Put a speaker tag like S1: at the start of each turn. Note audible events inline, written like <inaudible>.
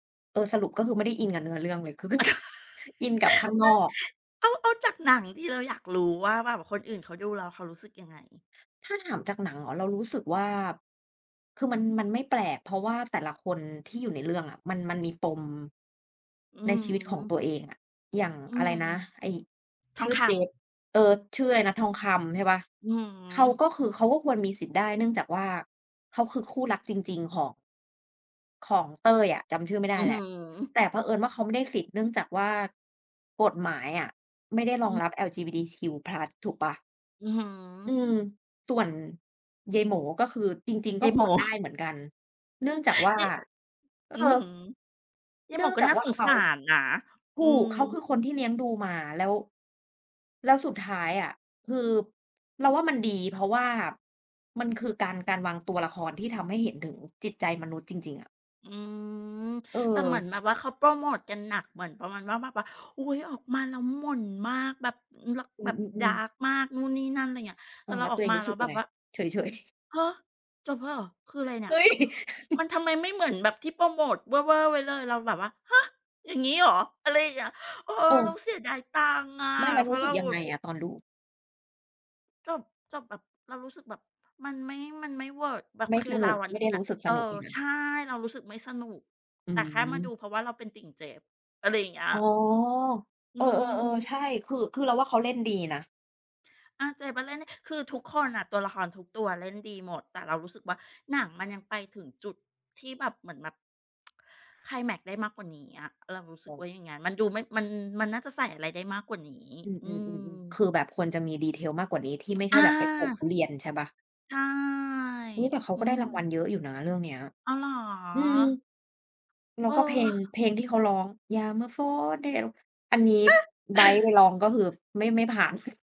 S1: เออ สรุปก็คือไม่ได้อินกับเนื้อเรื่องเลย คือไม่
S2: อะโธ่ นะ
S1: อินกับข้างนอก
S2: เอา เอาจากหนังที่เราอยากรู้ว่า แบบคนอื่นเขาดูแล้วเขารู้สึกยังไง?
S1: ถ้าถามจากหนังเหรอ? เรารู้สึกว่า คือมัน มันไม่แปลก เพราะว่าแต่ละคนที่อยู่ในเรื่องอะ มัน มันมีปม
S2: อื
S1: ใน
S2: อ
S1: ชีวิต
S2: ฮ
S1: ของ
S2: ึ
S1: ตัวเองอะ อย่าง
S2: อื
S1: อะไร
S2: ม
S1: นะ ไอ้
S2: ท
S1: ช
S2: อง
S1: ื่อ
S2: ค
S1: เจ
S2: ำ
S1: ฟ เออ ชื่ออะไรนะ ทองคำใช่เปล่า?
S2: อือฮ
S1: เขา
S2: ึ
S1: ก็คือเขาก็ควรมีสิทธิ์ได้ เนื่องจากว่าเขาคือคู่รักจริง ๆ ของ ของเต้ยอ่ะ จำชื่อไม่ไ
S2: อ
S1: ด้
S2: ื้อ
S1: แ
S2: ฮ
S1: หล
S2: ื
S1: ะ
S2: อ
S1: แต่เผอิญว่า เขาไม่ได้สิทธิ์เนื่องจากว่ากฎหมายอะ ไม่ได้ร
S2: อ
S1: อง
S2: ื
S1: รับ
S2: อ
S1: LGBTQ+ ถูกเปล่า?
S2: อื้อฮื
S1: อื
S2: อ
S1: ม ส่วนยายโหม๋ก็คือจริง ๆ ก
S2: ย
S1: ็
S2: ายโห
S1: ค
S2: ม๋
S1: วรได้
S2: <chuckles>
S1: เหมือนกัน เนื่องจากว่า
S2: ยาย
S1: เออ
S2: อื้อฮือ ยาย
S1: เ
S2: โ
S1: น
S2: ห
S1: ื
S2: ม
S1: ่
S2: ๋
S1: อง
S2: ก็
S1: จา
S2: น
S1: ก
S2: ่า
S1: ว่
S2: ส
S1: า
S2: ง
S1: เข
S2: ส
S1: า
S2: ารนะ
S1: ถ
S2: อื
S1: ูก
S2: ม
S1: เขาคือคนที่เลี้ยงดูมา แล้ว แล้วสุดท้ายอะ คือเราว่ามันดี เพราะว่ามันคือการ การวางตัวละครที่ทำให้เห็นถึงจิตใจมนุษย์จริง ๆ อะ
S2: อืม
S1: เ
S2: แต่เหมือ
S1: ออ
S2: นแบบว่า เขาโพรโมตกันหนักเหมือนประมาณว่า แบบว่า อุ๊ย ออกมาแล้วหม่นมาก แบบ อือ ล
S1: อื
S2: แบบ ดา
S1: อ ๆ ๆ
S2: ร์ก มากนู่นนี่นั่น อะไรเงี้ย แ
S1: อ
S2: ต
S1: ื
S2: ่
S1: ม
S2: เร
S1: แ
S2: า
S1: ล้ว
S2: ออ
S1: ตัว
S2: ก
S1: เอ
S2: ม
S1: ง
S2: า
S1: รู
S2: แ
S1: ้
S2: ล
S1: ส
S2: ้
S1: ึ
S2: ว
S1: ก
S2: แบ
S1: ยังไ
S2: บ
S1: ง?
S2: ว่า
S1: เฉย ๆ
S2: ฮะ จบแล้วเหรอ? คืออะไรเน
S1: เ
S2: ี่
S1: ฮ
S2: ย?
S1: ้ย!
S2: ม
S1: <chuckles>
S2: ันทำไมไม่เหมือนแบบที่โพรโมตเวอร์ ๆ ไว้เลย เราแบบว่า ฮะ! อย่างงี้เหรอ? อะไรอย่างเงี้ย เออ เรา
S1: เออ
S2: เสียดายตังค์อะ
S1: ไม่ แล้ว
S2: เพ
S1: ร
S2: รา
S1: ู้
S2: ะเ
S1: ส
S2: ร
S1: ึก
S2: า
S1: ยั
S2: ห
S1: ง
S2: วุ
S1: ไง
S2: บ
S1: อะตอนดู?
S2: จบ จบแบบ เรารู้สึกแบบ มันไม่ มันไม่เวิร์ก แบ
S1: ไ
S2: บ
S1: ม่
S2: คื
S1: ส
S2: อเ
S1: น
S2: ร
S1: ุ
S2: า
S1: ก
S2: อะ
S1: ไม่ได้
S2: น
S1: ร
S2: ่
S1: ู
S2: ะ
S1: ้สึกส
S2: เอ
S1: นุก
S2: อ
S1: จริงอ
S2: ใ
S1: ะ?
S2: ช่ เรารู้สึกไม่สนุก
S1: อื
S2: แต่แค่มาดู
S1: ม
S2: เพราะว่าเราเป็นติ่งเจฟ อะไรอย่างเงี้ย
S1: อ๋อ
S2: อื
S1: เออ ๆ ๆ
S2: ม
S1: ใช่ คือ คือเราว่าเขาเล่นดีนะ
S2: อะ เจฟอะเล่นได้ คือทุกคนน่ะ ตัวละครทุกตัวเล่นดีหมด แต่เรารู้สึกว่า หนังมันยังไปถึงจุดที่แบบเหมือนแบบ <tsk> ไคลแมกซ์ได้มากกว่านี้อะ เรารู้ส
S1: เ
S2: ึกว
S1: ออ
S2: ่าอย่างงั้น มันดูไม่ มัน มันน่าจะใส่อะไรได้มากกว่านี้
S1: อือ
S2: อื
S1: ๆ ๆ ๆ
S2: ม
S1: คือแบบควรจะมี Detail มากกว่านี้ ที่ไม่ใช
S2: อ
S1: ่แบบไปปลูกทุ
S2: า
S1: เรียนใช่เปล่า?
S2: ใช่
S1: เฮ้ย! แต่เขา
S2: อื
S1: ก็ได้รางวั
S2: ม
S1: ลเยอะอยู่นะเรื่องเนี้ย
S2: อ้าว เหรอ?
S1: อืม แล้วก็เพลง
S2: เออ
S1: เพลงที่เขาร้อง ยามเมื่อฝนเท อันนี้
S2: เอ๊ะ!
S1: ไบร์ทไปร
S2: <chuckles>
S1: ้องก็คือ ไม่ ไม่ผ่าน <chuckles>